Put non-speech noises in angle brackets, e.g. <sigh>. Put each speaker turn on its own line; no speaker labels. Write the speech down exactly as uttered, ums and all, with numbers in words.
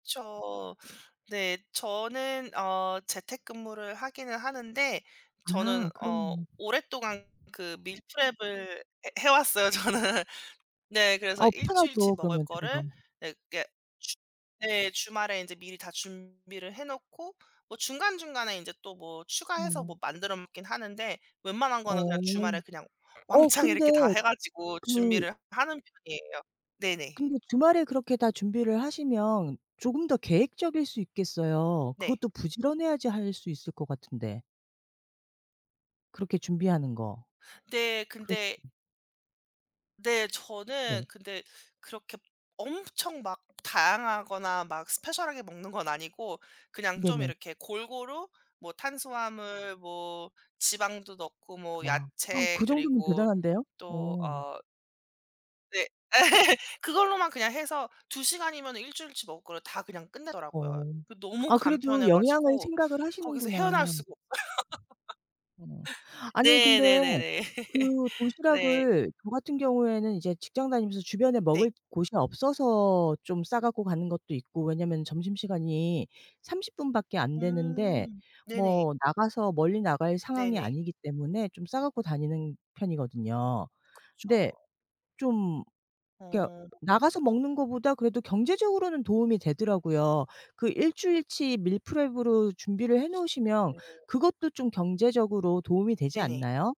그쵸. 네 저는 어 재택근무를 하기는 하는데 저는
아
어
그러면
오랫동안 그 밀프렙을 해 해 왔어요 저는. 네 그래서
어
일 주일치
편하죠
먹을
그러면 좀
거를
더.
네 그게 네 주말에 안제 미리 다 준비를 해 놓고 뭐 중간중간에 인제 또 뭐 추가해서
네.
뭐 만들어 먹긴 하는데 웬만한
어.
거는 그냥 주말에 그냥
어
왕창
근데
이렇게 다 해 가지고
그
준비를 하는 편이에요. 네네.
근데 주말에 그렇게 다 준비를 하시면 조금 더 계획적일 수 있겠어요.
네.
그것도 부지런해야지 할 수 있을 것 같은데. 그렇게 준비하는 거
네
그렇
근데 네 저는
네.
근데 그렇게 엄청 막 다양하거나 막 스페셜하게 먹는 건 아니고 그냥 좀
네네.
이렇게 골고루 뭐 탄수화물 뭐 지방도 넣고 뭐
와 <gasps>
야채
그 정도면
그리고
대단한데요?
또
오.
어 네 <laughs> 그걸로만 그냥 해서 두 시간이면 일 주일치 먹을 거를 다 그냥 끝내더라고요.
어
그 너무
아 그래도
간편해
영양을
가지고
생각을
거기서
하시는구나.
헤어나올 수가 없어요.
어
<laughs>
아니
네
근데
네네네.
그
<laughs> 네.
도시락을 저 같은 경우에는 이제 직장 다니면서 주변에
네.
먹을 곳이 없어서 좀 싸갖고 가는 것도 있고 왜냐하면 점심시간이 삼십 분밖에 안되는데
음 네네.
뭐 나가서 멀리 나갈 상황이
네네.
아니기 때문에 좀 싸갖고 다니는 편이거든요.
그쵸.
근데 좀 이게
어.
나가서 먹는 것보다 그래도 경제적으로는 도움이 되더라고요. 그 일 주일치 밀프렙으로 준비를
훨씬
해놓으시면
네.
그것도 좀 경제적으로 도움이 되지
네네.
않나요?